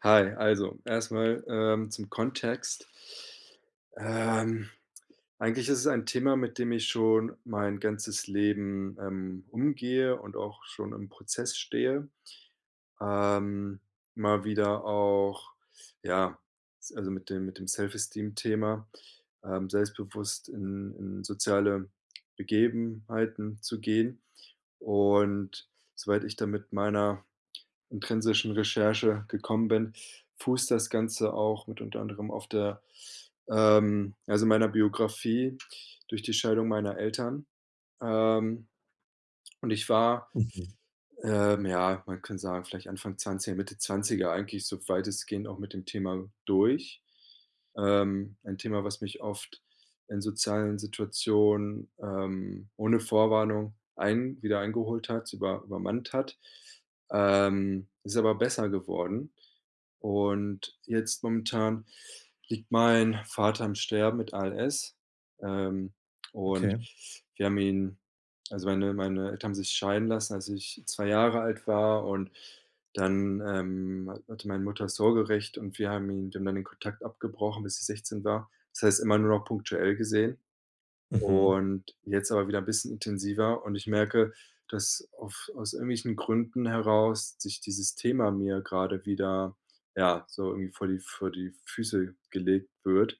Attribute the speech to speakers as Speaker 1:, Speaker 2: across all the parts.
Speaker 1: Hi, also, erstmal, ähm, zum Kontext. Ähm, eigentlich ist es ein Thema, mit dem ich schon mein ganzes Leben, ähm, umgehe und auch schon im Prozess stehe. Ähm, mal wieder auch ja, s also, mit dem mit dem Self-Esteem Thema, ähm, selbstbewusst in in soziale Begebenheiten zu gehen. Und soweit ich dann mit meiner intrinsischen Recherche gekommen bin, fußt das Ganze auch mit unter anderem auf der, ähm, also, meiner Biografie durch die Scheidung meiner Eltern. Ähm, und ich war,
Speaker 2: Mhm.
Speaker 1: ähm, ja, man kann sagen, vielleicht Anfang 20, Mitte 20er eigentlich so weitestgehend auch mit dem Thema durch. Ähm, ein Thema, was mich oft in sozialen Situationen, ähm, ohne Vorwarnung ein wieder eingeholt hat, über übermannt hat. Ähm, ist aber besser geworden. Und jetzt momentan liegt mein Vater im Sterben mit ALS. Ähm, und
Speaker 2: Okay.
Speaker 1: wir haben ihn, also, meine meine Eltern haben sich scheiden lassen, als ich 2 Jahre alt war und dann, ähm, ha hatte meine Mutter das Sorgerecht und wir haben ihn dann den Kontakt abgebrochen, bis ich 16 war. Das heißt immer nur noch punktuell gesehen
Speaker 2: Mhm.
Speaker 1: und jetzt aber wieder 'n bisschen intensiver und ich merke, dass auf aus irgendwelchen Gründen heraus sich dieses Thema mir gerade wieder, ja, so irgendwie vor die vor die Füße gelegt wird.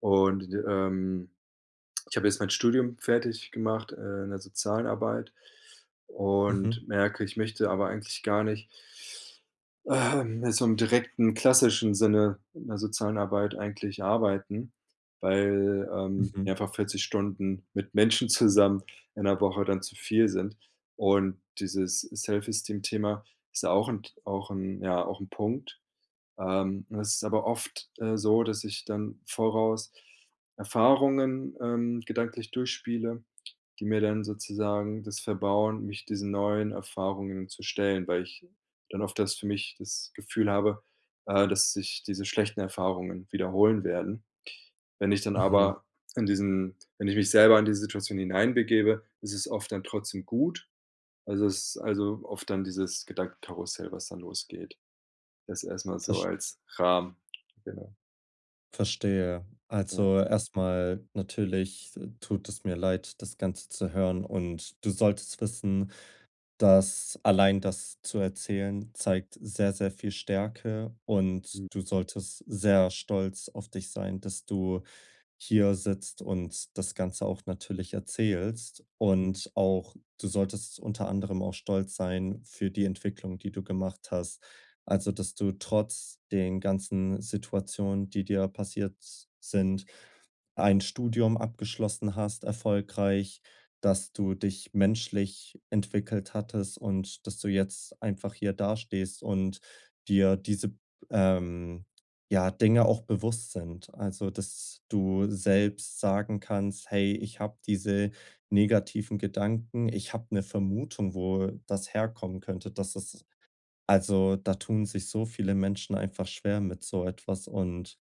Speaker 1: Und, ähm, ich habe jetzt mein Studium fertig gemacht, äh, in der sozialen Arbeit
Speaker 2: Mhm.
Speaker 1: und merke, ich möchte aber eigentlich gar nicht ähm so im direkten klassischen Sinne in der sozialen Arbeit eigentlich arbeiten, weil, ähm, mir
Speaker 2: Mhm.
Speaker 1: einfach 40 Stunden mit Menschen zusammen in der Woche dann zu viel sind. Und dieses Self-Esteem Thema ist ja auch 'n T auch 'n ja, auch 'n Punkt. Ähm, es ist aber oft, äh, so, dass ich dann voraus Erfahrungen, ähm, gedanklich durchspiele, die mir dann sozusagen das verbauen, mich diesen neuen Erfahrungen zu stellen, weil ich dann oft das für mich das Gefühl habe, äh, dass sich diese schlechten Erfahrungen wiederholen werden. Wenn ich dann
Speaker 2: Mhm.
Speaker 1: aber in diesen wenn ich mich selber in diese Situation hineinbegebe, ist es oft dann trotzdem gut. Also, es also, oft dann dieses Gedankenkarussell, was dann losgeht. Das erstmal so
Speaker 2: Verst
Speaker 1: als Rahmen. Genau.
Speaker 2: Verstehe.
Speaker 1: Ja.
Speaker 2: Also, erstmal: Natürlich, äh, tut es mir leid, das Ganze zu hören. Und du solltest wissen, dass allein das zu erzählen zeigt sehr, sehr viel Stärke und
Speaker 1: Hm.
Speaker 2: du solltest sehr stolz auf dich sein, dass du hier sitzt und das Ganze auch natürlich erzählst.
Speaker 1: Mhm.
Speaker 2: Und auch du solltest unter anderem auch stolz sein für die Entwicklung, die du gemacht hast. Also, dass du trotz den ganzen Situationen, die dir passiert sind, ein Studium abgeschlossen hast, erfolgreich, dass du dich menschlich entwickelt hattest und dass du jetzt einfach hier dastehst und dir diese, b ähm, ja Dinge auch bewusst sind. Also, dass du selbst sagen kannst: „Hey, ich habe diese negativen Gedanken. Ich habe 'ne Vermutung, wo, äh, das herkommen könnte." Dass das also, da tun sich so viele Menschen einfach schwer mit so etwas und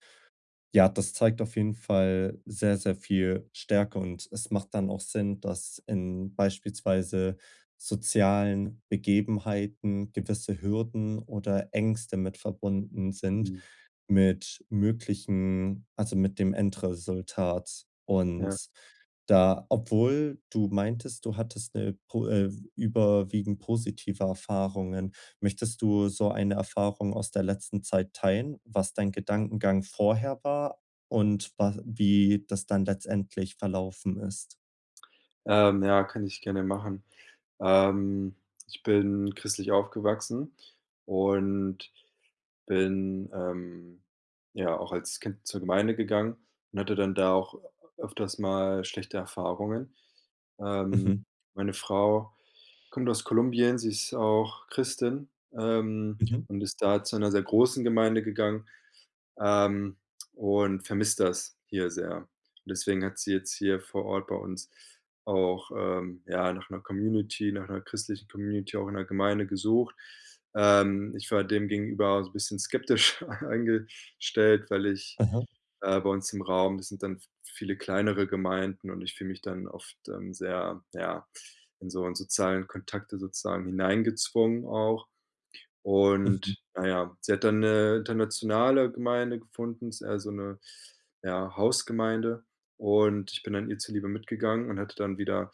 Speaker 2: ja, das zeigt auf jeden Fall sehr, sehr viel Stärke. Und es macht dann auch Sinn, dass in beispielsweise sozialen Begebenheiten gewisse Hürden oder Ängste mit verbunden sind,
Speaker 1: Mhm.
Speaker 2: mit möglichen also, mit dem Endresultat
Speaker 1: Ja.
Speaker 2: und da obwohl du meintest, du hattest 'ne po, äh, überwiegend positive Erfahrungen. Möchtest du so eine Erfahrung aus der letzten Zeit teilen? Was dein Gedankengang vorher war und was wie das dann letztendlich verlaufen ist?
Speaker 1: Ähm, ja, kann ich gerne machen. Ähm, ich bin christlich aufgewachsen und bin, ähm, ja, auch als Kind zur Gemeinde gegangen und hatte dann da auch öfters mal schlechte Erfahrungen. Ähm,
Speaker 2: Mhm.
Speaker 1: meine Frau kommt aus Kolumbien, sie ist auch Christin, ähm,
Speaker 2: Mhm.
Speaker 1: und ist da zu 'ner sehr großen Gemeinde gegangen, ähm, und vermisst das hier sehr. Deswegen hat sie jetzt hier vor Ort bei uns auch, ähm, ja, nach 'ner Community, nach 'ner christlichen Community auch in 'ner Gemeinde gesucht. Ähm, ich war dem gegenüber so bisschen skeptisch eingestellt, weil ich
Speaker 2: Mhm.
Speaker 1: äh, bei uns im Raum das sind dann v viele kleinere Gemeinden, und ich fühle mich dann oft, ähm, sehr, ja, in so sozialen Kontakte sozusagen hineingezwungen auch.
Speaker 2: Mhm.
Speaker 1: Und, na ja, sie hat dann 'ne internationale Gemeinde gefunden, ist eher so 'ne ja, Hausgemeinde und ich bin dann ihr zuliebe mitgegangen und hatte dann wieder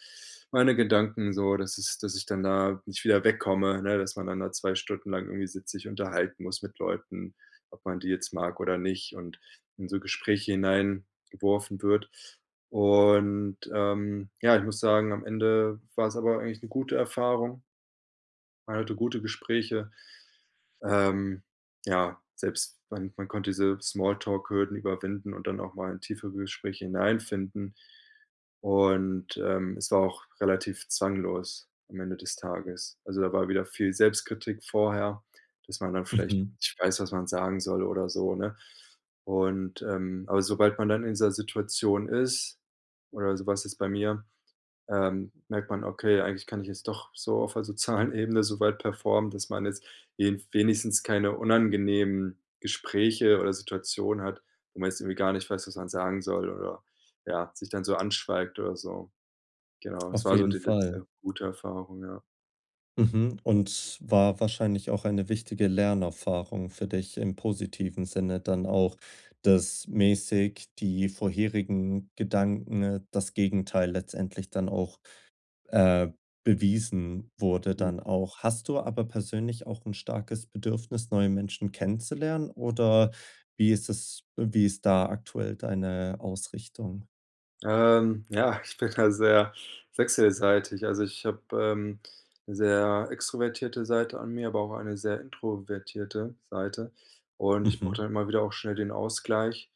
Speaker 1: meine Gedanken so, dass es dass ich dann da nicht wieder wegkomme, ne? Dass man dann da 2 Stunden lang irgendwie sitzt, sich unterhalten muss mit Leuten, ob man die jetzt mag oder nicht und in so Gespräche hineingeworfen wird. Und, ähm, ja, ich muss sagen, am Ende war es aber eigentlich 'ne gute Erfahrung. Man hatte gute Gespräche. Ähm, ja, selbst man man konnte diese Small-Talk-Hürden überwinden und dann auch mal in tiefere Gespräche hineinfinden. Und, ähm, es war auch relativ zwanglos am Ende des Tages. Also da war wieder viel Selbstkritik vorher, dass man dann vielleicht
Speaker 2: Mhm.
Speaker 1: nicht weiß, was man sagen soll oder so, ne? Und, ähm aber sobald man dann in dieser Situation ist, oder so war's jetzt bei mir, ähm, merkt man: „Okay, eigentlich kann ich es doch, so auf 'ner sozialen Ebene so weit performen, dass man jetzt wen wenigstens keine unangenehmen Gespräche oder Situationen hat, wo man jetzt irgendwie gar nicht weiß, was man sagen soll, oder, ja, sich dann so anschweigt oder so.“ Genau, das
Speaker 2: Auf
Speaker 1: war so
Speaker 2: jeden
Speaker 1: die
Speaker 2: Fall.
Speaker 1: letzte gute Erfahrung, ja.
Speaker 2: Mhm. Und war wahrscheinlich auch eine wichtige Lernerfahrung für dich im positiven Sinne dann auch, dass mäßig die vorherigen Gedanken, äh, das Gegenteil letztendlich dann auch, äh, bewiesen wurde,
Speaker 1: Mhm.
Speaker 2: dann auch. Hast du aber persönlich auch 'n starkes Bedürfnis, neue Menschen kennenzulernen, oder wie ist das wie ist da aktuell deine Ausrichtung?
Speaker 1: Ähm, ja, ich bin da sehr wechselseitig. Also, ich habe, ähm, sehr extrovertierte Seite an mir, aber auch eine sehr introvertierte Seite und ich brauche
Speaker 2: Mhm.
Speaker 1: dann immer wieder auch schnell den Ausgleich,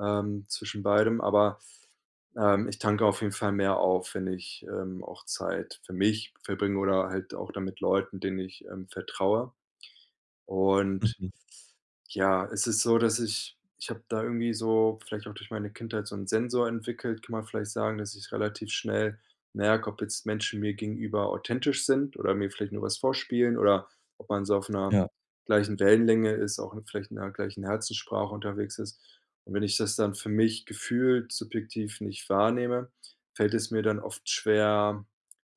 Speaker 1: ähm, zwischen beidem, aber, ähm, ich tanke auf jeden Fall mehr auf, wenn ich, ähm, auch Zeit für mich verbringe oder halt auch dann mit Leuten, denen ich, ähm, vertraue. Und,
Speaker 2: Mhm.
Speaker 1: ja, es ist so, dass ich ich habe da irgendwie so, vielleicht auch durch meine Kindheit, so 'n Sensor entwickelt, kann man vielleicht sagen, dass ich relativ schnell merke, ob jetzt Menschen mir gegenüber authentisch sind oder mir vielleicht nur was vorspielen oder ob man so auf 'ner
Speaker 2: Ja.
Speaker 1: gleichen Wellenlänge ist, auch vielleicht in der gleichen Herzenssprache unterwegs ist. Und wenn ich das dann für mich gefühlt subjektiv nicht wahrnehme, fällt es mir dann oft schwer,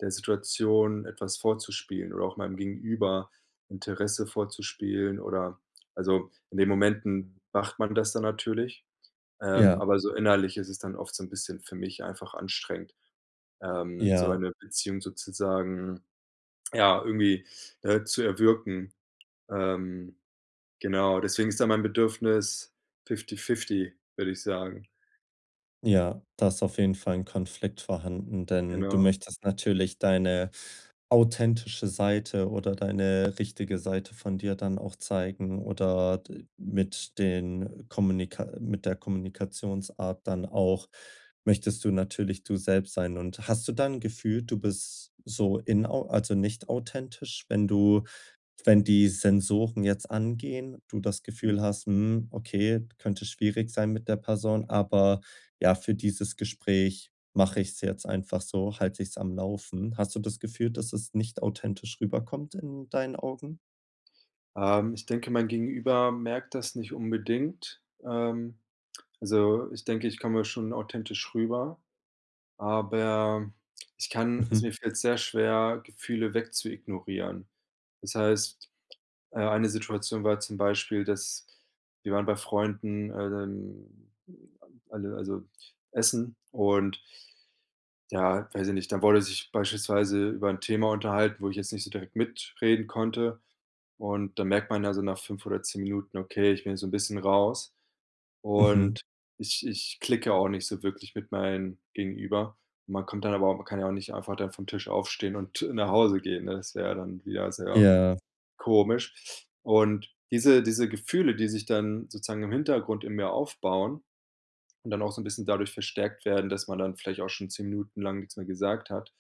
Speaker 1: der Situation etwas vorzuspielen oder auch meinem Gegenüber Interesse vorzuspielen, oder also, in den Momenten macht man das dann natürlich, ähm,
Speaker 2: Ja.
Speaker 1: aber so innerlich ist es dann oft so 'n bisschen für mich einfach anstrengend, ähm, so
Speaker 2: Ja.
Speaker 1: eine Beziehung sozusagen ja, irgendwie, äh, zu erwirken. Ähm, genau, deswegen ist da mein Bedürfnis fifty fifty würde ich sagen.
Speaker 2: Ja, da ist auf jeden Fall 'n Konflikt vorhanden, denn du
Speaker 1: Genau.
Speaker 2: möchtest natürlich deine authentische Seite oder deine richtige Seite von dir dann auch zeigen oder d mit den Kommunika mit der Kommunikationsart dann auch möchtest du natürlich du selbst sein. Und hast du da 'n Gefühl, du bist so inau also nicht authentisch, wenn du wenn die Sensoren jetzt angehen, du das Gefühl
Speaker 1: Mhm.
Speaker 2: hast: „Hm, okay, könnte schwierig sein mit der Person, aber ja, für dieses Gespräch mache ich's jetzt einfach so, halte ich's am Laufen.“ Hast du das Gefühl, dass es nicht authentisch rüberkommt in deinen Augen?
Speaker 1: Ähm, ich denke, mein Gegenüber merkt das nicht unbedingt. Ähm, also ich denke, ich komme schon authentisch rüber, aber ich kann also
Speaker 2: Mhm.
Speaker 1: mir fällt's sehr schwer, Gefühle weg zu ignorieren. Das heißt, äh eine Situation war zum Beispiel, dass wir waren bei Freunden, ähm, m m alle also, Essen und ja, weiß ich nicht, dann wurde sich beispielsweise über 'n Thema unterhalten, wo ich jetzt nicht so direkt mitreden konnte. Und dann merkt man ja so nach 5 oder 10 Minuten: „Okay, ich bin jetzt so 'n bisschen raus
Speaker 2: Mhm.
Speaker 1: und ich ich klicke auch nicht so wirklich mit meinen Gegenüber.“ Man kommt dann aber auch man kann ja auch nicht einfach dann vom Tisch aufstehen und nach Hause gehen, ne, das wäre dann wieder sehr
Speaker 2: Ja.
Speaker 1: komisch. Und diese diese Gefühle, die sich dann sozusagen im Hintergrund in mir aufbauen und dann auch so 'n bisschen dadurch verstärkt werden, dass man dann vielleicht auch schon 10 Minuten lang nix mehr gesagt hat,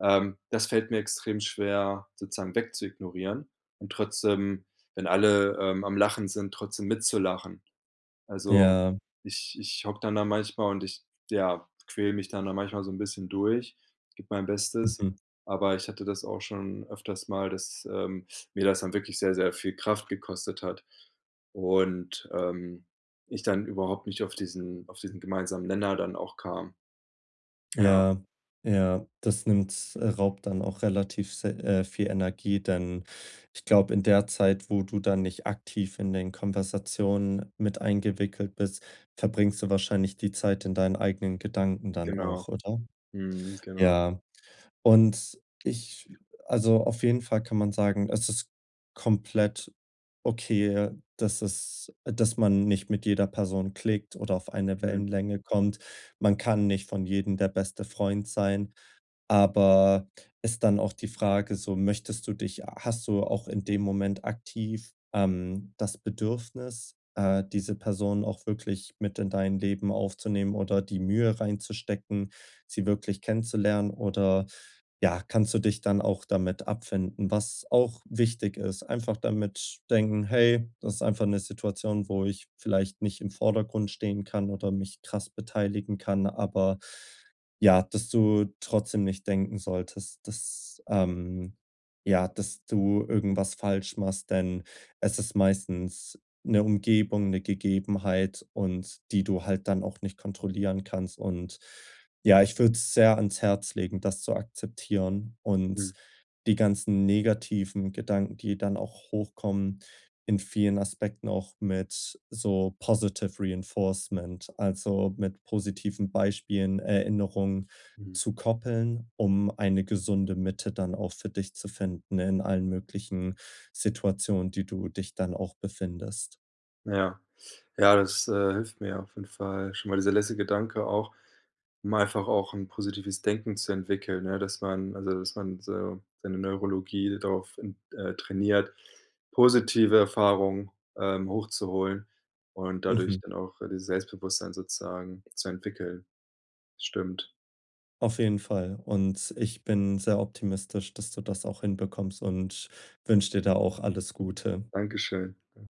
Speaker 1: ähm, das fällt mir extrem schwer, sozusagen weg zu ignorieren und trotzdem, wenn alle, ähm, am Lachen sind, trotzdem mit zu lachen. Also
Speaker 2: Ja.
Speaker 1: ich ich hocke dann da manchmal und ich, ja, quäle mich dann da manchmal so 'n bisschen durch, gebe mein Bestes,
Speaker 2: Mhm.
Speaker 1: aber ich hatte das auch schon öfters mal, dass, ähm, mir das dann wirklich sehr, sehr viel Kraft gekostet hat und, ähm, ich dann überhaupt nicht auf diesen auf diesen gemeinsamen Nenner dann auch kam. Ja.
Speaker 2: Ja, ja, das nimmt äh, raubt dann auch relativ s äh, viel Energie, denn ich glaube, in der Zeit, wo du da nicht aktiv in den Konversationen mit eingewickelt bist, verbringst du wahrscheinlich die Zeit in deinen eigenen Gedanken dann
Speaker 1: Genau.
Speaker 2: auch, oder?
Speaker 1: Mhm, genau.
Speaker 2: Ja. Und ich also auf jeden Fall kann man sagen, es ist komplett okay, dass es dass man nicht mit jeder Person klickt oder auf eine
Speaker 1: Mhm.
Speaker 2: Wellenlänge kommt. Man kann nicht von jedem der beste Freund sein. Aber ist dann auch die Frage so, möchtest du dich h hast du auch in dem Moment aktiv, ähm, das Bedürfnis, äh, diese Person auch wirklich mit in dein Leben aufzunehmen oder die Mühe reinzustecken, sie wirklich kennenzulernen oder, ja, kannst du dich dann auch damit abfinden? Was auch wichtig ist, einfach damit denken: „Hey, das ist einfach 'ne Situation, wo ich vielleicht nicht im Vordergrund stehen kann oder mich krass beteiligen kann.“ Aber, ja, dass du trotzdem nicht denken solltest, dass ähm ja, dass du irgendwas falsch machst, denn es ist meistens 'ne Umgebung, 'ne Gegebenheit und die du halt dann auch nicht kontrollieren kannst. Und ja, ich würde es sehr ans Herz legen, das zu akzeptieren und
Speaker 1: Mhm.
Speaker 2: die ganzen negativen Gedanken, die dann auch hochkommen in vielen Aspekten auch mit so Positive-Reinforcement, also mit positiven Beispielen Erinnerungen
Speaker 1: Mhm.
Speaker 2: zu koppeln, um eine gesunde Mitte dann auch für dich zu finden in allen möglichen Situationen, die du dich dann auch befindest.
Speaker 1: Ja. Ja, das, äh, hilft mir auf jeden Fall schon mal, dieser letzte Gedanke auch, um einfach auch 'n positives Denken zu entwickeln. Ja, dass man also dass man so seine Neurologie darauf, ähm, äh, trainiert, positive Erfahrung, ähm, hochzuholen und dadurch
Speaker 2: Mhm.
Speaker 1: dann auch dieses Selbstbewusstsein sozusagen zu entwickeln. Stimmt.
Speaker 2: Auf jeden Fall. Und ich bin sehr optimistisch, dass du das auch hinbekommst und wünsche dir da auch alles Gute.
Speaker 1: Dankeschön. Ja.